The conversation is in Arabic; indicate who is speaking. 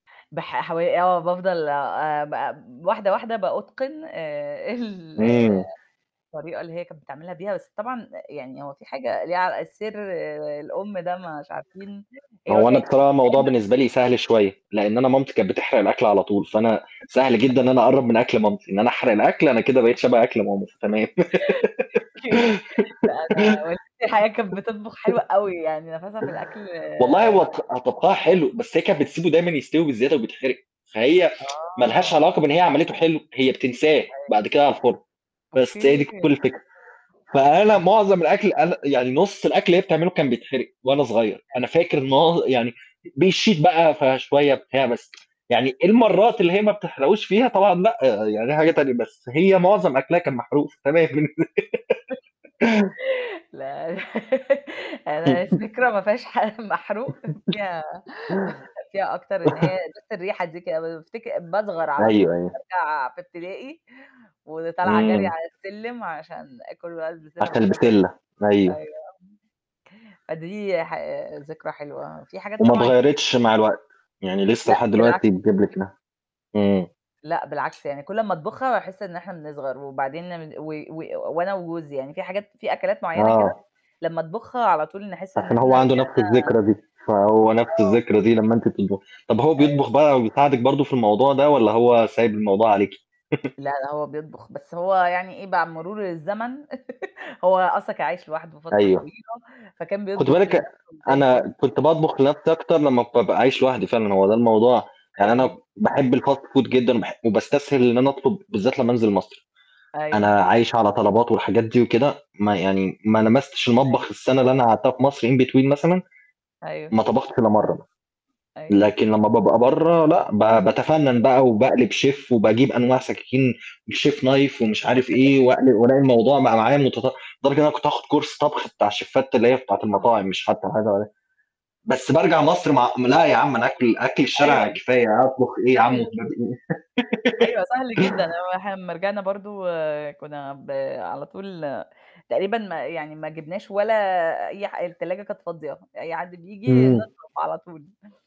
Speaker 1: بح حو آه، بافضل آآ، آآ، ب واحدة، واحدة بأُتقن آآ، ال
Speaker 2: امم.
Speaker 1: الطريقة اللي هي كانت بتعملها بيها، بس طبعًا آآ، يعني هو في حاجة ليها ع السر آآ، الأم ده مش عارفين، هي ما
Speaker 2: هو أنا
Speaker 1: كانتش
Speaker 2: طبعًا
Speaker 1: [unintelligible]
Speaker 2: الموضوع
Speaker 1: دايمًا
Speaker 2: بالنسبة لي سهل شوية، لإن أنا مامتي كانت بتحرق الأكل على طول، فأنا سهل جدًا إن أنا أقرّب من أكل مامتي، إن أنا أحرق الأكل، أنا كده بقيت شبه أكل ماما، فتمام.
Speaker 1: أوكي. لأ أنا والدتي الحقيقة كانت بتطبخ حلو أوي يعني نَفَسها في الأكل
Speaker 2: والله
Speaker 1: رهيب
Speaker 2: هو ط طبخها
Speaker 1: فعلًا.
Speaker 2: حلو، بس هي كانت بتسيبه دايمًا يستوي بزيادة وبيتحرق، فهي ما لهاش
Speaker 1: آه.
Speaker 2: علاقة بإن هي عملتُه حلو، هي بتنساه،
Speaker 1: أيوه.
Speaker 2: بعد كده على الفرن، بس هي دي
Speaker 1: أوكي.
Speaker 2: كُلّ الفكرة، فأنا
Speaker 1: [unintelligible]
Speaker 2: معظم الأكل أنا يعني نُصّ الأكل اللي هي بتعمله كان بيتحرق وأنا صغير،
Speaker 1: حلو.
Speaker 2: أنا فاكر معظ يعني بيشيط بقى، فشوية بتاع
Speaker 1: [unintelligible]
Speaker 2: بس، يعني المرات اللي هي ما بتحرقوش فيها طبعًا لأ، يعني دي حاجة تانية، بس هي معظم أكلها كان
Speaker 1: [unintelligible]
Speaker 2: محروق، فتمام.
Speaker 1: لا أنا أنا الذكرى ما فيهاش حاجة محروق فيها فيها أكتر إن هي بس الريحة دي ك بافتكر باصغر على طول،
Speaker 2: أيوه، أيوه.
Speaker 1: بارجع في ابتدائي وطالعة جري
Speaker 2: امم.
Speaker 1: على السلِّم عشان آكل بقى البسلة
Speaker 2: حتى
Speaker 1: بالجزر،
Speaker 2: البسلة،
Speaker 1: أيوه
Speaker 2: أيوه.
Speaker 1: آه، فدي ح ذكرى حلوة، في حاجات
Speaker 2: وما
Speaker 1: طبعًا
Speaker 2: اتغيرتش مع الوقت، يعني لسه
Speaker 1: لأ،
Speaker 2: لحد
Speaker 1: بالعكس.
Speaker 2: دلوقتي بتجيب لك لحمة، امم.
Speaker 1: لأ، بالعكس يعني كل أمّا أطبخها باحس إن إحنا بنصغر وبعدين ن و و وأنا وجوزي يعني في حاجات في أكلات معينة كده
Speaker 2: آه.
Speaker 1: لمّا أطبخها على طول نحس إن
Speaker 2: عشان
Speaker 1: إحنا
Speaker 2: هو عنده
Speaker 1: رجعنا
Speaker 2: نفس الذكرى دي، فهو نفس
Speaker 1: آه.
Speaker 2: الذكرى دي لمّا أنتِ بتطبخي. طَب هو بيطبخ
Speaker 1: أيوه.
Speaker 2: بقى وبيساعدِك برضه في الموضوع ده والَّا هو سايب الموضوع عليكِ؟
Speaker 1: لأ، لأ هو بيطبخ، بس هو يعني إيه مع مرور الزمن هو أصلًا كان عايش لوحدُه فترة
Speaker 2: أيوه،
Speaker 1: طويلة، فكان
Speaker 2: خدي
Speaker 1: بيطبخ
Speaker 2: بالِك أن
Speaker 1: لنفسُه زي الفل.
Speaker 2: أنا
Speaker 1: أيوه.
Speaker 2: كنت باطبخ لنفسي أكتر لما بابقى عايش لوحدي فعلًا، هو ده الموضوع يعني أنا
Speaker 1: أيوه.
Speaker 2: باحب الfast food جدًا وباح وباستسهل إن أنا أطلب، بالذات لمّا أنزل مصر،
Speaker 1: أيوه.
Speaker 2: أنا عايش على طلبات والحاجات دي وكده، ما يعني ما لمستش
Speaker 1: أيوه.
Speaker 2: المطبخ السنة اللي أنا قعدتها في مصر in between مثلًا،
Speaker 1: أيوه.
Speaker 2: ما طبختش إلّا مرّه مثلًا
Speaker 1: أيوه.
Speaker 2: لكن لمّا بابقى برّه لأ، ب باتفنَّن بقى وباقلب
Speaker 1: [unintelligible]
Speaker 2: شيف وباجيب أنواع سكاكين الchef knife ومش عارف إيه، وأقل وألاقي الموضوع بقى معايا متطو لدرجة إن أنا كنت هاخد course طبخ بتاع الشيفات اللي هي بتاعة
Speaker 1: يا خبر!
Speaker 2: المطاعم، مش حتى حاجة عادية. بس بارجع مصر مع لأ يا عم أنا آكل أكل الشارع
Speaker 1: أيوه،
Speaker 2: كفاية، أطبخ إيه يا عم
Speaker 1: سهل.
Speaker 2: وهباب إيه؟
Speaker 1: أيوه سهل جدًا، هو إحنا أمّا رجعنا برضه كنا ب على طول تقريبًا ما يعني ما جبناش ولا أي حا التلاجة كانت فاضية، أي حد بييجي
Speaker 2: امم.
Speaker 1: نطلب على طول.